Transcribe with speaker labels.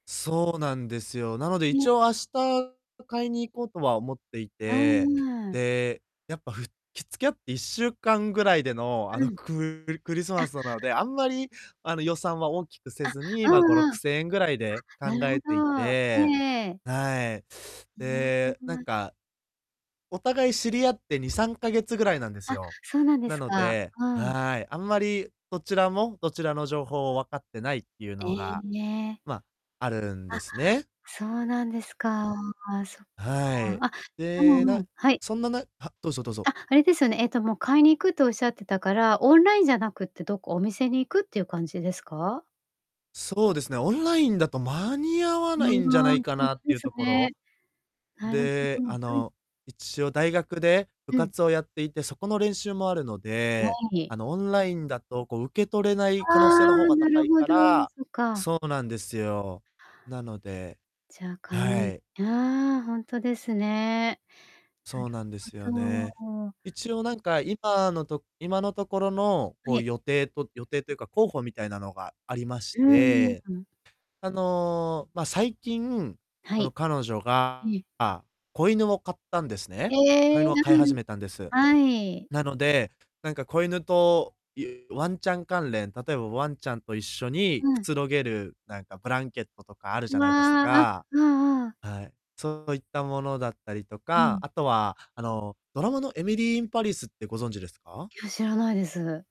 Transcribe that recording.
Speaker 1: そうなんですよ。なので、一
Speaker 2: う。
Speaker 1: 応、明日買いに行こうとは思ってい
Speaker 2: あ、う
Speaker 1: て、
Speaker 2: ーん。
Speaker 1: で、やっぱふき付き合って1週間ぐらいでの、あ
Speaker 2: う
Speaker 1: の、
Speaker 2: ん。
Speaker 1: ククリス
Speaker 2: あ。
Speaker 1: マスなので、あんまり、あの、予算は大きくせ
Speaker 2: あ、
Speaker 1: ずに、
Speaker 2: う
Speaker 1: ま、ごろ
Speaker 2: んうん。
Speaker 1: く
Speaker 2: あ、
Speaker 1: せんえんぐらいで
Speaker 2: な
Speaker 1: 考
Speaker 2: るほ
Speaker 1: えてい
Speaker 2: ど。え
Speaker 1: て。
Speaker 2: えええ。
Speaker 1: はい。
Speaker 2: いや、
Speaker 1: で、
Speaker 2: そん
Speaker 1: なん
Speaker 2: な。
Speaker 1: か、お互い知り合って、2、3ヶ月ぐらいなんです
Speaker 2: あ、
Speaker 1: よ。
Speaker 2: そうなんで
Speaker 1: な
Speaker 2: す
Speaker 1: の
Speaker 2: か。
Speaker 1: で、
Speaker 2: うん。
Speaker 1: はい、あんまりどちらも、どちらの情報をわかってないってゆう
Speaker 2: え
Speaker 1: の
Speaker 2: え、
Speaker 1: が、
Speaker 2: ん、え。
Speaker 1: ま、あるん
Speaker 2: あ、
Speaker 1: ですね。
Speaker 2: そうなんですか。そっか。
Speaker 1: はい。
Speaker 2: あ、う
Speaker 1: で、
Speaker 2: んう
Speaker 1: な
Speaker 2: ん、はい。
Speaker 1: そんななは、どうぞどうぞ。
Speaker 2: あ、あれですよね、えっと、もう、買いに行くとおっしゃってたから、オンラインじゃなくて、どっかお店に行くっていう感じですか？
Speaker 1: そうですね。オンラインだと間に合わ
Speaker 2: う―
Speaker 1: ないんじゃない
Speaker 2: ん、
Speaker 1: か
Speaker 2: ほん
Speaker 1: なっ
Speaker 2: と
Speaker 1: て
Speaker 2: で
Speaker 1: ゆう
Speaker 2: す
Speaker 1: とこ
Speaker 2: ね。
Speaker 1: ろ、
Speaker 2: なるほ
Speaker 1: で、
Speaker 2: ど、
Speaker 1: あ
Speaker 2: うん。
Speaker 1: の、一応、大学で部
Speaker 2: うん。
Speaker 1: 活をやっていて、そこの練習もあるの
Speaker 2: わ、
Speaker 1: で、
Speaker 2: はい。
Speaker 1: あの、オンラインだと、こう受け取れない
Speaker 2: あ
Speaker 1: 可能性の方
Speaker 2: あ、
Speaker 1: が
Speaker 2: な
Speaker 1: 高
Speaker 2: る
Speaker 1: い
Speaker 2: ほ
Speaker 1: か
Speaker 2: ど、
Speaker 1: ら
Speaker 2: そ、か。
Speaker 1: そうなんですよ、なので、
Speaker 2: じゃ、買い
Speaker 1: は
Speaker 2: に
Speaker 1: い。
Speaker 2: ああ、ほんとですね。
Speaker 1: そうなんです
Speaker 2: な
Speaker 1: よ
Speaker 2: る
Speaker 1: ね。
Speaker 2: ほど。
Speaker 1: 一応なんか、今のと今のところの、こ
Speaker 2: は
Speaker 1: う、
Speaker 2: い。
Speaker 1: 予定と予定というか、候補みたいなのがありま
Speaker 2: う
Speaker 1: し
Speaker 2: ーん、
Speaker 1: て、
Speaker 2: うん。
Speaker 1: あの、ま、最近、
Speaker 2: は
Speaker 1: その
Speaker 2: い。
Speaker 1: 彼女が
Speaker 2: いえ。
Speaker 1: が、子犬を飼ったんですね。子
Speaker 2: え
Speaker 1: 犬
Speaker 2: え、
Speaker 1: を
Speaker 2: な
Speaker 1: 飼い始
Speaker 2: ん、
Speaker 1: めたんです。
Speaker 2: はい。
Speaker 1: なので、なんか子犬とゆワンちゃん関連、例えばワンちゃんと一緒にく
Speaker 2: うん。
Speaker 1: つろげる、なんかブランケットとかあるじゃ
Speaker 2: わ
Speaker 1: ないです
Speaker 2: あ、あ、
Speaker 1: か、
Speaker 2: うんうん。
Speaker 1: はい、そういったものだったりと
Speaker 2: う
Speaker 1: か、
Speaker 2: ん。
Speaker 1: あとは、あの、ドラマの、Emily in Paris ってご存知ですか？
Speaker 2: いや、知らないです。